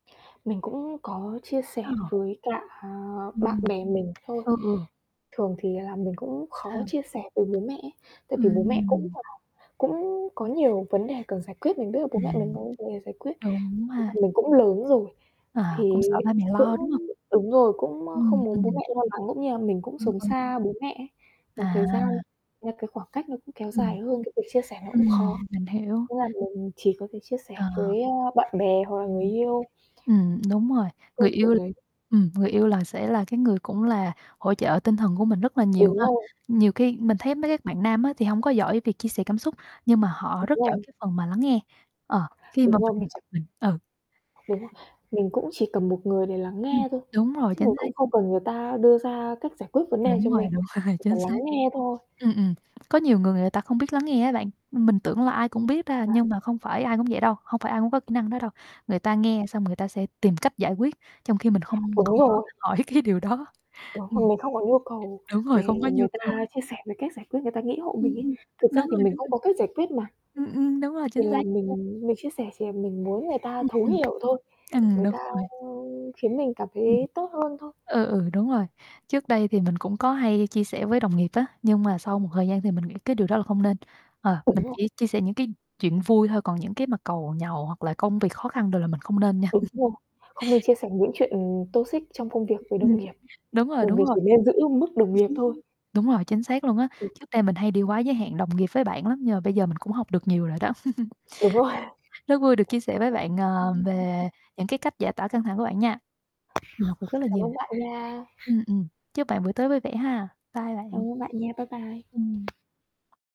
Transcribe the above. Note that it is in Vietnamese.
Mình cũng có chia Ờ. sẻ với cả, à, bạn Ừm. bè mình thôi, Ừ, ừ. thường thì là mình cũng khó Sao? chia sẻ với bố mẹ ấy. Tại vì bố mẹ cũng Ừm. là cũng có nhiều vấn đề cần giải quyết, mình biết là bố mẹ mình Ừm. có vấn đề giải quyết. Đúng Với cả ha? mình cũng lớn rồi, À, cũng thì sợ ba mẹ cũng lo, đúng hông? đúng rồi, cũng, á, Ừm, không muốn bố ừm. mẹ lo lắng, cũng như là mình cũng Đúng sống rồi. xa bố mẹ ấy, một thời gian, À! là cái khoảng cách nó cũng kéo Ừm. dài hơn, cái việc chia sẻ nó cũng khó. Ừm, mình hiểu. Thế là mình chỉ có thể chia sẻ Ờ. với, á, bạn bè hoặc là người [unintelligible] yêu Ừm, đúng rồi, người câu chuyện yêu đấy. ừm, người yêu là sẽ là cái người cũng là hỗ trợ tinh thần của mình rất là nhiều Đúng ha? rồi. Nhiều khi mình thấy mấy cái bạn nam á, thì hông có giỏi việc chia sẻ cảm xúc, nhưng mà họ Đúng rất giỏi rồi. cái phần mà lắng nghe. Ờ, khi Đúng mà rồi, mình mình s mình ừ. Đúng rồi. Mình cũng chỉ cần một người để lắng Ừm, nghe thôi, đúng rồi, chứ mình chính xác. cũng không cần người ta đưa ra cách giải quyết vấn đề này cho Đúng rồi, mình, đúng rồi, chỉ cần chính lắng xác. nghe thôi. Ừm, ừm, có nhiều người, người ta không biết lắng nghe á bạn, mình tưởng là ai cũng biết ta, À. nhưng mà không phải ai cũng vậy đâu, hông phải ai cũng có kỹ năng đó đâu. Người ta nghe xong người ta sẽ tìm cách giải quyết trong khi mình không Đúng không có rồi. hỏi cái điều đó. Đó, mà Ừm. mình không có nhu cầu Đúng để rồi, không có nhu người cầu. ta chia sẻ về cách giải quyết người ta nghĩ hộ Ừm, mình ấy. ừm, Thực ra đúng thì rồi, mình đúng cũng rồi. có cách giải quyết mà. Ừm, ừm, đúng rồi, Thì chính là xác. [unintelligible] mình mình chia sẻ chỉ là mình muốn người ta Ừm, thấu ừm. hiểu thôi, Ừm, người đúng ta, rồi. ơ, khiến mình cảm thấy Ừm. tốt hơn thôi. Ừ, ừ, đúng rồi. Trước đây thì mình cũng có hay chia sẻ với đồng nghiệp á, nhưng mà sau một thời gian thì mình nghĩ cái điều đó là không nên. Ờ, Đúng mình rồi. chỉ chia sẻ những cái chuyện vui thôi, còn những cái mặt càu nhàu, hoặc là công việc khó khăn đồ là mình không nên nha. Đúng rồi, không nên chia sẻ những chuyện, ừm, toxic trong công việc với đồng Ừm, nghiệp, đúng rồi, đồng đúng nghiệp rồi. chỉ nên giữ mức đồng nghiệp thôi. Đúng rồi, chính xác luôn á, Ừ. trước đây mình hay đi quá giới hạn đồng nghiệp với bạn lắm, nhưng mà bây giờ mình cũng học được nhiều rồi đó. Đúng rồi. Rất vui được chia sẻ với bạn, Ừm, ờ, ừm, ừm, ừm. về những cái cách giải tỏa căng thẳng của bạn nha. Mình học được rất là Cảm nhiều. ơn bạn nha. Ừm, ừm. Chúc bạn buổi tối vui vẻ ha. Bye Cảm bạn. ơn bạn nha. Bye bye. Ừm.